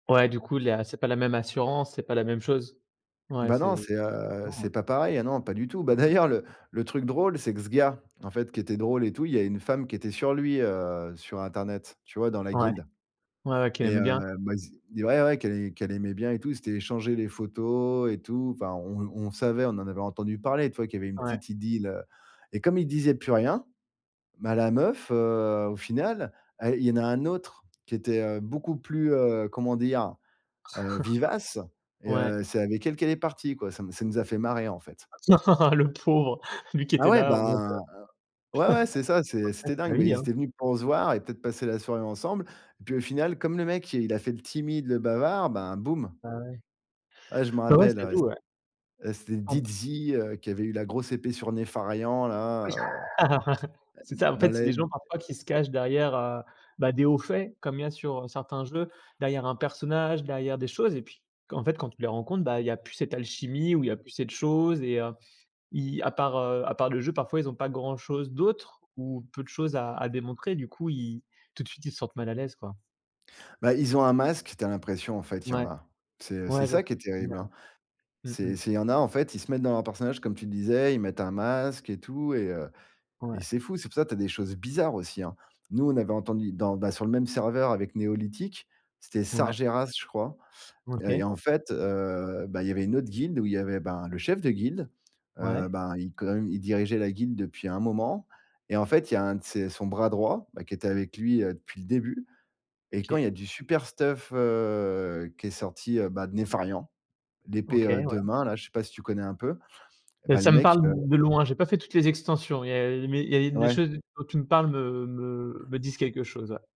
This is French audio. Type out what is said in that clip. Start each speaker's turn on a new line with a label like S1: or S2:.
S1: Ouais, du coup, là, c'est pas la même assurance, c'est pas la même chose. Ouais,
S2: Bah, non,
S1: c'est
S2: c'est, heu, c'est
S1: différent.
S2: pas pareil. Ah non, pas du tout, bah,
S1: OK.
S2: d'ailleurs, le le truc drôle, c'est que ce gars, en fait, qui était drôle et tout, il y a une femme qui était sur lui, heu, sur internet, tu vois, dans la
S1: Ouais.
S2: guilde
S1: Ouais, ouais, qu'elle
S2: et
S1: aimait
S2: heu,
S1: bien?
S2: bah, ils se ouais, ouais, qu'elle qu'elle aimait bien et tout, ils s'étaient échangé les photos et tout, enfin, on on savait, on en avait entendu parler, tu vois, qu'il y avait une
S1: Ouais.
S2: petite idylle, heu et comme il disait plus rien, bah, la meuf, heu, au final et il y en a un autre qui était, heu, beaucoup plus, heu, comment dire? Heu, vivace et
S1: Ouais.
S2: heu, c'est avec elle qu'elle est partie, quoi, ça m'a ça nous a fait marrer, en fait.
S1: Le pauvre, lui, qui
S2: Bah,
S1: était
S2: ouais,
S1: là en mode, heu,
S2: bah, ouais, ouais, c'est ça, c'est
S1: bah après
S2: c'était
S1: c'est la
S2: dingue, bah,
S1: vie
S2: ils
S1: hein.
S2: étaient venus pour se voir et peut-être passer la soirée ensemble et puis au final comme le mec, il a fait le timide, le bavard, ben, boum.
S1: Ah ouais?
S2: Ouais, je m'en
S1: Bah, ouais.
S2: rappelle,
S1: Ça
S2: ouais,
S1: joue, ouais.
S2: c'é heu, c'était
S1: Ah bon?
S2: Dizzy, heu, qui avait eu la grosse épée sur Nefarian, là, heu, ah, heu,
S1: C'est
S2: d
S1: ça, en
S2: dans
S1: fait, c'est des
S2: l'aide.
S1: gens parfois qui se cachent derrière, heu, bah, des hauts faits comme il y a sur, heu, certains jeux, derrière un personnage, derrière des choses et puis, q en fait, quand tu les rencontres, bah, il y a plus cette alchimie ou il y plus cette chose et heu, ils à part, heu, à part le jeu, parfois, ils ont pas grand chose d'autre ou peu de choses à à démontrer du coup, ils tout de suite, ils se sentent mal à l'aise, quoi.
S2: Bah, ils ont un masque, tu as l'impression, en fait, il y en
S1: Ouais.
S2: a. C'est c'est
S1: Ouais, je vois
S2: ça
S1: ce
S2: qui est
S1: que tu veux dire.
S2: terrible, hein,
S1: Mmh mh.
S2: c'est c'est il y en a, en fait, ils se mettent dans leurs personnages comme tu disais, ils mettent un masque et tout et heu
S1: Ouais.
S2: et c'est fou. C'est pour ça que tu as des choses bizarres aussi, hein. Nous on avait entendu dans bah, sur le même serveur avec NeoLithic, c'était
S1: Ouais.
S2: Sargeras, je crois et
S1: OK.
S2: en fait, heu, bah, il y avait une autre guilde où il y avait, ben, le chef de guilde, heu,
S1: Ouais.
S2: ben, il quand même il dirigeait la guilde depuis un moment et en fait, il y a un de ses son bras droit, bah, qui était avec lui, heu, depuis le début et quand
S1: OK.
S2: il y a du super stuff, heu, qui est sorti, bah, de Nefarian, l'épée
S1: OK,
S2: 2
S1: ouais.
S2: mains, là, je sais pas si tu connais un peu et
S1: Beh,
S2: bah, le
S1: ça me
S2: mec,
S1: parle
S2: heu
S1: de loin, j'ai pas fait toutes les extensions, il y a mais il y a une les
S2: Ouais.
S1: choses dont tu me parles me me me disent quelque chose, ouais.